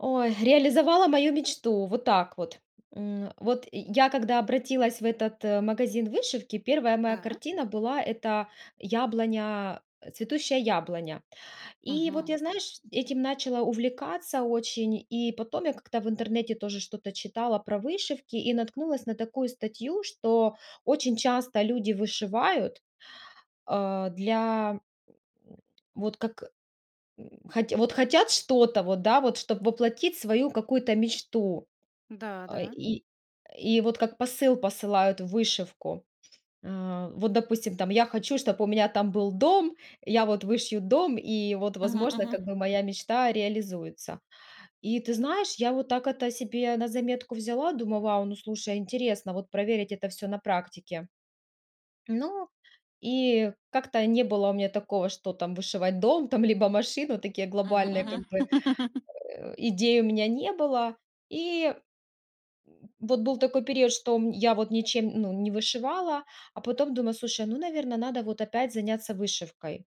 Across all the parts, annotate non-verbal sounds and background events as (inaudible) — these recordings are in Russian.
Ой, реализовала мою мечту. Вот так вот. М, э, вот я когда обратилась в этот, э, магазин вышивки, 1 моя Да? картина была- это яблоня, цветущая яблоня. И вот Мгм. я знаешь, этим начала увлекаться очень. И потом я как-то в интернете тоже что-то читала про вышивки и наткнулась на такую статью, что очень часто люди вышивают, а, для, м, м, вот как, м, хот вот хотят что-то вот, да, вот чтоб воплотить свою какую-то мечту, Да, э, да. и и вот как посыл посылают в вышивку. А, вот допустим там я хочу чтоб у меня там был дом я вот вышью дом и вот, Мгм, возможно, как мгм. бы моя мечта реализуется. И ты знаешь, я вот так это себе на заметку взяла, думаю: вау, ну, слушай, интересно вот проверить это всё на практике. Ну, и как-то не было у меня такого, что там вышивать дом там, либо машину. Такие Мгм, глобальные как мгм. бы, (laughs) э, идей у меня не было. И. М. Вот был такой период, что, м, я вот ничем, ну не вышивала, а потом думаю, слушай, ну, наверное, надо вот опять заняться вышивкой.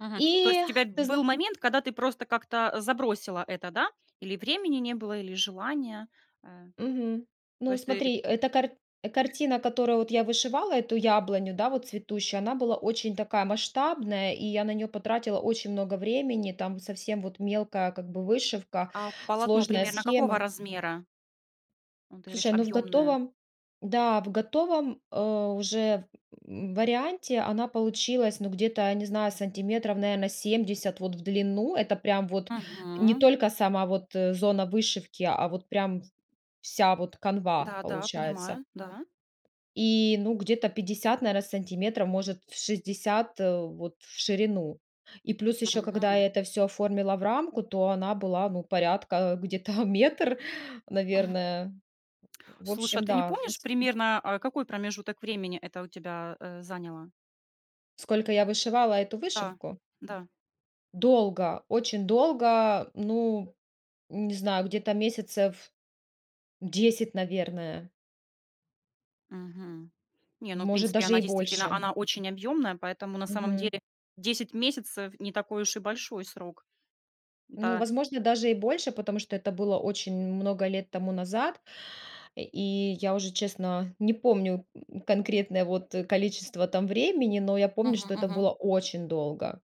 Мгм. То есть И у тебя ты зна был момент, когда ты просто как-то, а, забросила это, да? Или времени не было, или желания, э. Мгм. То Ну есть ты смотри, эта карт картина, которую вот я вышивала эту яблоню, да, вот цветущую, она была очень такая масштабная и я на неё потратила очень много времени. Там совсем вот мелкая как бы вышивка, А полотно сложная примерно какого схема. размера? М, ты говоришь Слушай, ну в объёмное. готовом, да, в готовом, а, уже в м, варианте она получилась, ну где-то я не знаю сантиметров, наверное, 70 вот в длину. Это прям вот не Мгм. только сама вот, э, зона вышивки, а вот прям вся вот канва Да, да, получается. понимаю, да. И, ну, где-то 50, наверное, сантиметров, может 60, э, вот в ширину. И плюс ещё, когда я Мгм. это всё оформила в рамку, то она была, ну, порядка где-то метр, наверное. В Слушай, а общем, ты не да, помнишь, выс примерно, а, какой промежуток времени это у тебя, э, заняло? Сколько я вышивала эту Да, вышивку? да. Долго, очень долго, ну не знаю, где-то месяцев 10, наверное. Мгм. Не, ну, в Может, принципе, даже она и действительно, больше. она очень объёмная, поэтому на самом Мгм. деле 10 месяцев не такой уж и большой срок. Ну, Да. возможно, даже и больше, потому что это было очень много лет тому назад. Э, и я уже, честно, не помню, м, конкретное вот, э, количество там времени, но я помню, Мгм, что это мгм. было очень долго.